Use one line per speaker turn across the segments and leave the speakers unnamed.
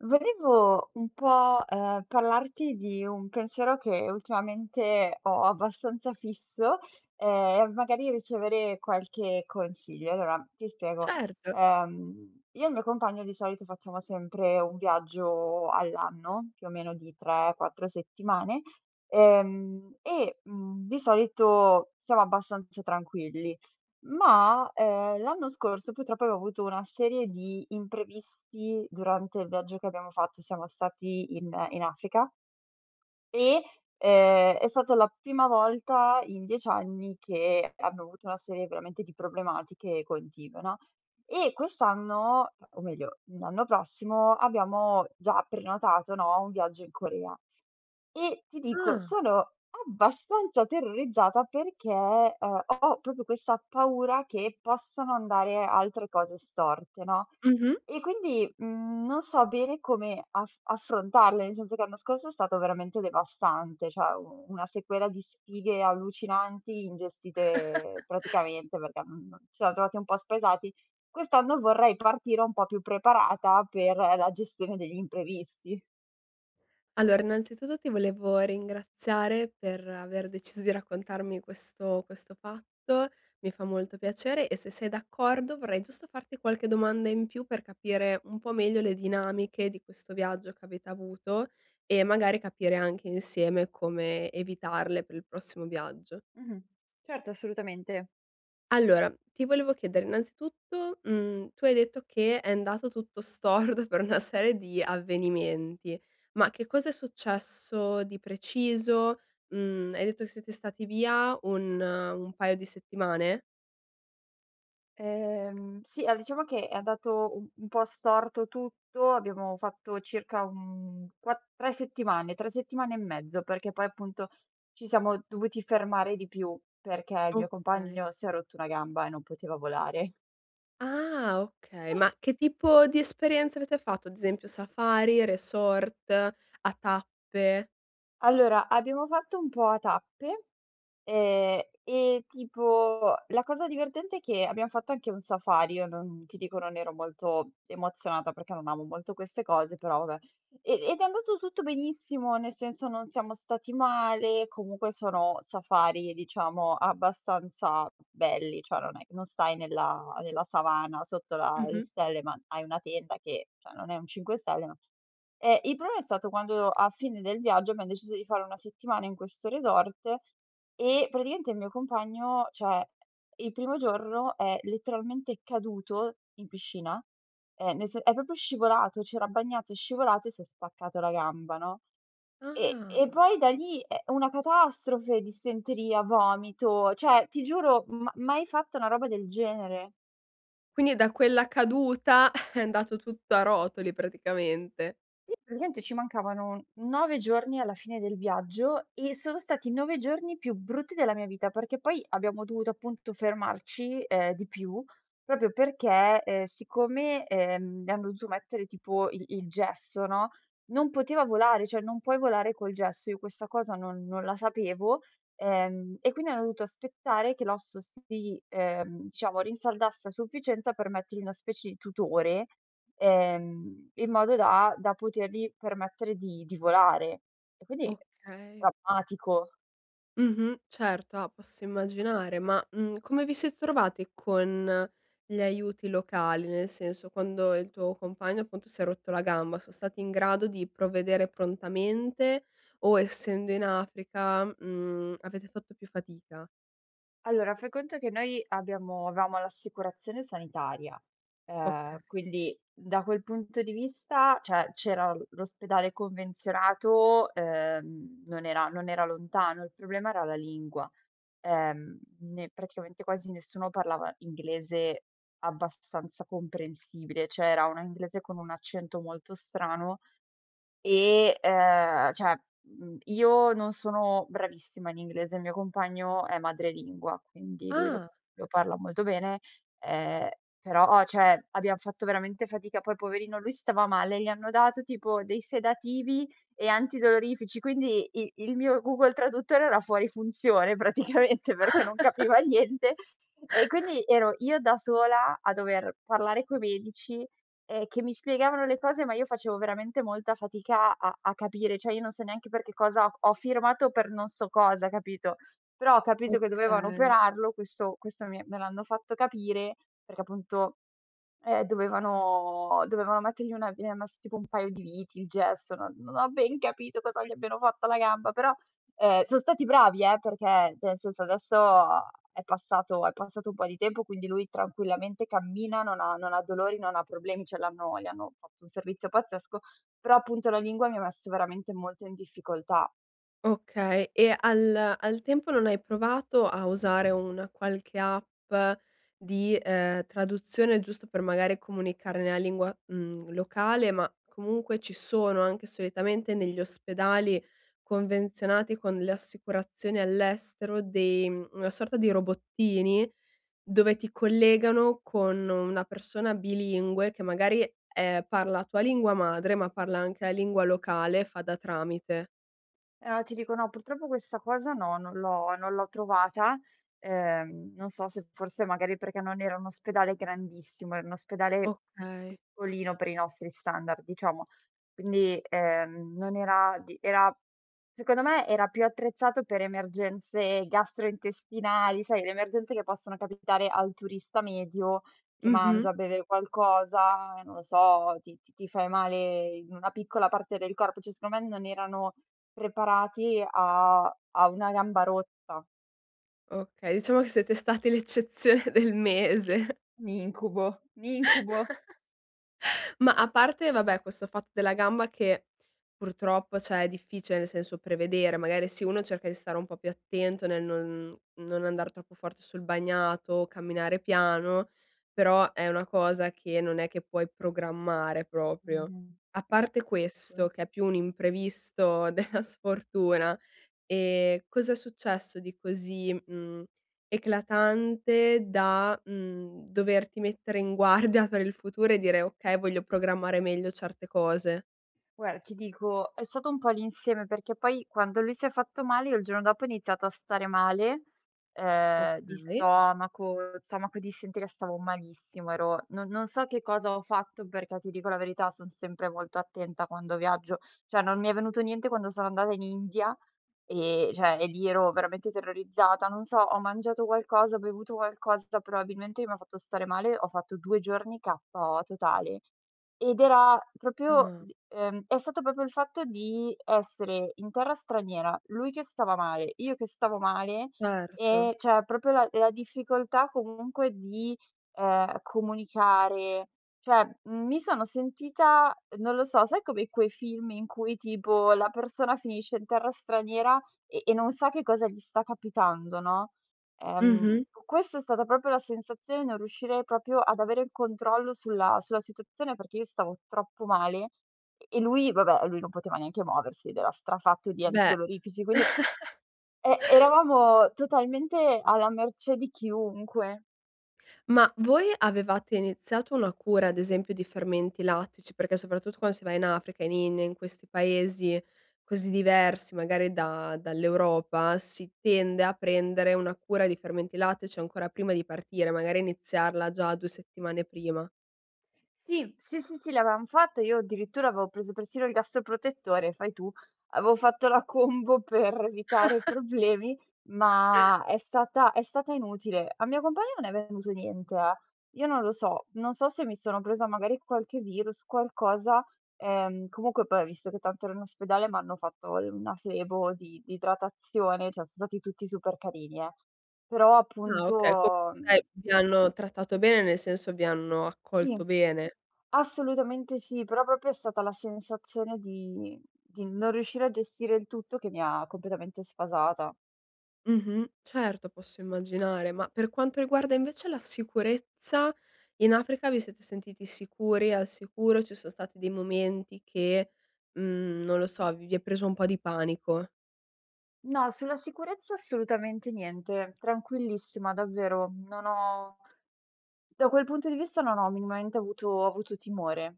Volevo un po' ehm, parlarti di un pensiero che ultimamente ho abbastanza fisso, ehm, e magari ricevere qualche consiglio. Allora ti spiego.
Certo.
Ehm, io e il mio compagno, di solito, facciamo sempre un viaggio all'anno, più o meno di tre quattro settimane. Ehm, e, mhmm, di solito siamo abbastanza tranquilli. Ma, ehm, l'anno scorso, purtroppo, ho avuto una serie di imprevisti durante il viaggio che abbiamo fatto, siamo stati in in Africa e, ehm, è stata la prima volta in 10 anni che abbiamo avuto una serie veramente di problematiche continue no. E, quest'anno, o meglio, l'anno prossimo, abbiamo già prenotato no, un viaggio in Corea. E ti dico:
Ah.
sono abbastanza terrorizzata perché, ehm, ho proprio questa paura che possano andare altre cose storte, no.
Mh-mh.
E quindi, mhmm, non so bene come aff affrontarle. Nel senso che l'anno scorso è stato veramente devastante. Cioè una sequela di sfighe allucinanti, ingestite praticamente, mhmm, perché ci siamo trovati un po' spaesati. Quest'anno vorrei partire un po' più preparata per la gestione degli imprevisti.
Allora, innanzitutto, ti volevo ringraziare per aver deciso di raccontarmi questo questo fatto. Mi fa molto piacere e, se sei d'accordo, vorrei giusto farti qualche domanda in più per capire un po' meglio le dinamiche di questo viaggio che avete avuto e magari capire anche insieme come evitarle per il prossimo viaggio.
Mh-mh. Certo, assolutamente.
Allora, ti volevo chiedere, innanzitutto, mhmm, tu hai detto che è andato tutto storto per una serie di avvenimenti, ma che cosa è successo di preciso? Mhmm, hai detto che siete stati via un un paio di settimane?
Ehm sì, allora, diciamo che è andato un po' storto tutto. Abbiamo fatto circa, mhmm, quat 3 settimane, 3 settimane e mezzo, perché poi, appunto, ci siamo dovuti fermare di più, perché il mio
Okay.
compagno si è rotto una gamba e non poteva volare.
Ah, okay. Ma che tipo di esperienze avete fatto? Ad esempio Safari, resort, a tappe?
Allora, abbiamo fatto un po' a tappe, ehm, e tipo la cosa divertente è che abbiamo fatto anche un safari. Io non ti dico, non ero molto emozionata perché non amo molto queste cose, però vabbè. E ed è andato tutto benissimo, nel senso non siamo stati male, comunque sono safari, diciamo, abbastanza belli. Cioè non è non stai nella nella savana sotto la le
Mh-mh.
stelle, ma hai una tenda che, cioè, non è un 5 stelle, ma eh, il problema è stato quando, a fine del viaggio, abbiamo deciso di fare una settimana in questo resort e praticamente il mio compagno cioè, eh, il primo giorno è letteralmente caduto in piscina. Ehm, nel se è proprio scivolato. C'era bagnato, è scivolato e si è spaccato la gamba, no. E e
Ah.
poi da lì, eh, una catastrofe, dissenteria, vomito. Cioè ti giuro, ma mai fatta una roba del genere.
Quindi da quella caduta è andato tutto a rotoli praticamente.
Sì, praticamente ci mancavano 9 giorni alla fine del viaggio e sono stati i 9 giorni più brutti della mia vita, perché poi abbiamo dovuto appunto fermarci, uhm, di più, proprio perché, ehm, siccome, ehm, mi hanno dovuto mettere tipo il il gesso, no, non poteva volare, cioè non puoi volare col gesso e io questa cosa non non la sapevo, ehm, e quindi hanno dovuto aspettare che l'osso si, ehm, diciamo rinsaldasse a sufficienza per mettergli una specie di tutore, ehm, in modo da da potergli permettere di di volare e quindi
Okay.
drammatico.
Mh-mh, certo, ah, posso immaginare, ma, mhmm, come vi siete trovati con gli aiuti locali, nel senso, quando il tuo compagno appunto si è rotto la gamba so stati in grado di provvedere prontamente o essendo in Africa, mhmm, avete fatto più fatica?
Allora, fai conto che noi abbiamo avevamo l'assicurazione sanitaria, ehm,
Okay.
quindi da quel punto di vista, cioè c'era l l'ospedale convenzionato, ehm, non era non era lontano. Il problema era la lingua. Ehm, ne praticamente quasi nessuno parlava inglese abbastanza comprensibile. Cioè, era una inglese con un accento molto strano e, ehm, cioè, mhmm, io non sono bravissima in inglese. Il mio compagno è madrelingua, quindi lui lo
Ah.
lo parla molto bene, ehm, però ho cioè, abbiam fatto veramente fatica, poi poverino lui stava male, gli hanno dato tipo dei sedativi e antidolorifici quindi i il mio Google traduttore era fuori funzione praticamente perché non capiva niente, e quindi ero io da sola a dover parlare coi medici, ehm, che mi spiegavano le cose ma io facevo veramente molta fatica a a capire, cioè io non so neanche per che cosa ho firmato per non so cosa hai capito? Però ho capito che dovevano
Okay.
operarlo, questo questo mi me l'hanno fatto capire perché appunto, ehm, dovevano dovevano mettergli una gli han messo tipo un paio di viti, il gesso, no non ho ben capito cosa gli abbiano fatto alla gamba, però, uhm, son stati bravi, eh, perché cioè, nel senso adesso è passato è passato un po' di tempo, quindi lui tranquillamente cammina, non ha non ha dolori, non ha problemi, cioè, l'hanno gli hanno fatto un servizio pazzesco, però appunto la lingua mi ha messo veramente molto in difficoltà.
Okay, e al al tempo non hai provato a usare una qualche app di, uhm, traduzione giusto per magari comunicare nella lingua, mhmm, locale, ma comunque ci sono anche solitamente negli ospedali convenzionati con le assicurazioni all'estero dei una sorta di robottini dove ti collegano con una persona bilingue che magari, ehm, parla tua lingua madre ma parla anche la lingua locale e fa da tramite.
Ehm, ti dico no, purtroppo questa cosa no, non l'ho non l'ho trovata, ehm, non so se forse magari non era un ospedale grandissimo, era un ospedale p
Okay.
piccolino per i nostri standard diciamo quindi, ehm, non era di era secondo me era più attrezzato per emergenze gastrointestinali, sai, le emergenze che possono capitare al turista medio che
Mh-mh.
mangia, beve qualcosa, non lo so, ti ti ti fai male in una piccola parte del corpo, cioè secondo me non erano preparati a a una gamba rotta.
Okay, diciamo che siete stati l'eccezione del mese.
Un incubo, n incubo.
Ma a parte vabbè, questo fatto della gamba che purtroppo, cioè è difficile, nel senso, prevedere magari se uno cerca di stare un po' più attento nel non non andar troppo forte sul bagnato o camminare piano però è una cosa che non è che puoi programmare proprio.
Mh-mh.
A parte questo
[unintelligible]
che è più un imprevisto della sfortuna, ehm, cos'è successo di così, mhmm, eclatante da, mhmm, doverti mettere in guardia per il futuro e dire: "Okay, voglio programmare meglio certe cose."
Guarda, ti dico è stato un po' l'insieme, perché poi quando lui si è fatto male, io il giorno dopo ho iniziato a stare male, uhm, di
Okay.
stomaco, stomaco e dissenteria, stavo malissimo, ero non non so che cosa ho fatto perché, ti dico la verità, son sempre molto attenta quando viaggio, cioè non mi è venuto niente quando sono andata in India, ehm, cioè e lì ero veramente terrorizzata. Non so, ho mangiato qualcosa, ho bevuto qualcosa, probabilmente che mi ha fatto stare male. Ho fatto 2 giorni KO totale. Ed era proprio
Ah.
d ehm, è stato proprio il fatto di essere in terra straniera, lui che stava male, io che stavo male,
Certo.
e cioè proprio la la difficoltà comunque di, uhm, comunicare, cioè m mi sono sentita, non lo so, sai come quei film in cui tipo la persona finisce in terra straniera e e non sa che cosa gli sta capitando, no, ehm,
Mh-mh.
questa è stata proprio la sensazione di non riuscire proprio ad avere il controllo sulla sulla situazione, perché io stavo troppo male e e lui va beh, e lui non poteva neanche muoversi ed era strafatto di
Beh.
antidolorifici. Quindi, e eravamo totalmente alla mercé di chiunque.
Ma voi avevate iniziato una cura, ad esempio di fermenti lattici, perché soprattutto quando si va in Africa, in India in questi paesi così diversi magari da dall'Europa si tende a prendere una cura di fermenti lattici ancora prima di partire, magari iniziarla già 2 settimane prima.
Sì, sì, sì, sì, l'avevam fatto. Io addirittura avevo preso persino il gastroprotettore, fai tu. Avevo fatto la combo per evitare i problemi, ma è stata è stata inutile. Al mio compagno non è venuto niente, eh. Io non lo so, non so se mi sono presa magari qualche virus, qualcosa, ehm, comunque, poi ho visto che tanto ero in ospedale, m'hanno fatto l una flebo di di idratazione, cioè son stati tutti super carini, eh. Però
Ah, okay,
appunto,
comunque dai
mhmm
vi hanno trattato bene, nel senso vi hanno
Sì.
accolto bene.
Assolutamente sì, però proprio è stata la sensazione di di non riuscire a gestire il tutto che mi ha completamente sfasata.
Mh-mh, certo posso immaginare, ma per quanto riguarda invece la sicurezza, in Africa vi siete sentiti sicuri? Al sicuro? Ci son stati dei momenti che, mhmm, non lo so, v vi è preso un po' di panico?
No, sulla sicurezza assolutamente niente. Tranquillissima davvero, non ho da quel punto di vista non ho minimamente avuto avuto timore.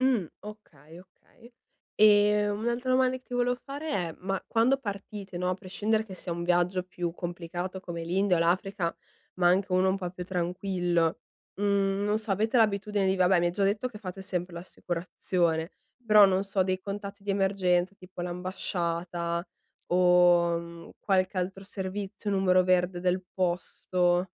Mh, okay, okay e un'altra domanda che ti volevo fare è: ma quando partite no, a prescindere che sia un viaggio più complicato come l'India o l'Africa, ma anche uno un po' più tranquillo, mhmm, non so avete l'abitudine di vabbè mi hai già detto che fate sempre l'assicurazione, però
Mh-mh.
non so dei contatti di emergenza, tipo l'ambasciata o, mhmm, qualche altro servizio, numero verde del posto?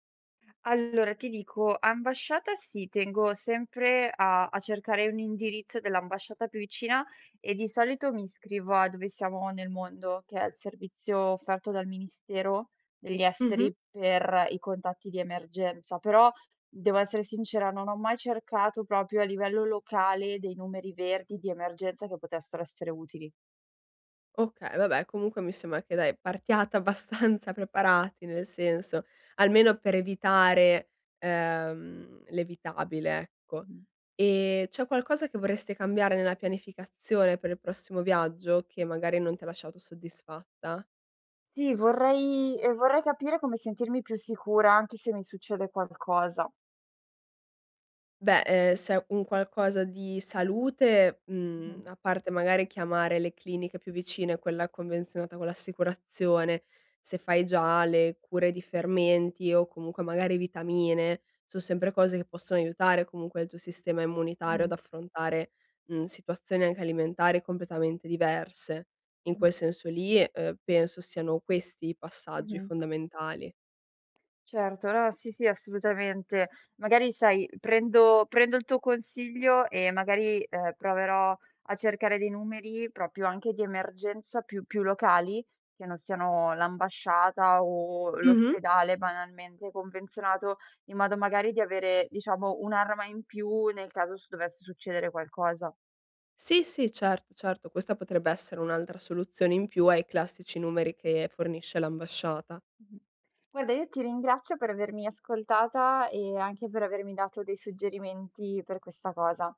Allora, ti dico, ambasciata sì tengo sempre a a cercare un indirizzo dell'ambasciata più vicina e, di solito, mi iscrivo a Dove siamo nel mondo, che è il servizio offerto dal Ministero degli
Mh-mh.
Esteri per i contatti di emergenza. Però, devo essere sincera, non ho mai cercato proprio a livello locale dei numeri verdi di emergenza che potessero essere utili.
Okay, vabbè comunque mi sembra che dai, partiate abbastanza preparati nel senso, almeno per evitare, ehm, l'evitabile ecco.
Mh-mh.
Ehm, c'è qualcosa che vorreste cambiare nella pianificazione per il prossimo viaggio che magari non ti ha lasciato soddisfatta?
Sì, vorrei ehm, vorrei capire come sentirmi più sicura anche se mi succede qualcosa.
Beh, ehm, se è un qualcosa di salute, mhmm,
Mh-mh.
a parte magari chiamare le cliniche più vicine, quella convenzionata con l'assicurazione, se fai già le cure di fermenti o comunque magari vitamine, son sempre cose che possono aiutare comunque il tuo sistema immunitario ad
Mh.
affrontare, mhmm, situazioni anche alimentari completamente diverse. In quel
Mh-mh.
senso lì, uhm, penso siano questi i passaggi
Mh-mh.
fondamentali.
Certo, no, sì, sì, assolutamente. Magari sai prendo prendo il tuo consiglio e magari, uhm, proverò a cercare dei numeri proprio anche di emergenza più più locali, che non siano l'ambasciata o
Mh-mh.
l'ospedale banalmente convenzionato, in modo magari di avere diciamo un'arma in più nel caso ci dovesse succedere qualcosa.
Sì, sì, certo, certo, questa potrebbe essere un'altra soluzione in più ai classici numeri che fornisce l'ambasciata.
Mh-mh. Guarda io ti ringrazio per avermi ascoltata e anche per avermi dato dei suggerimenti per questa cosa.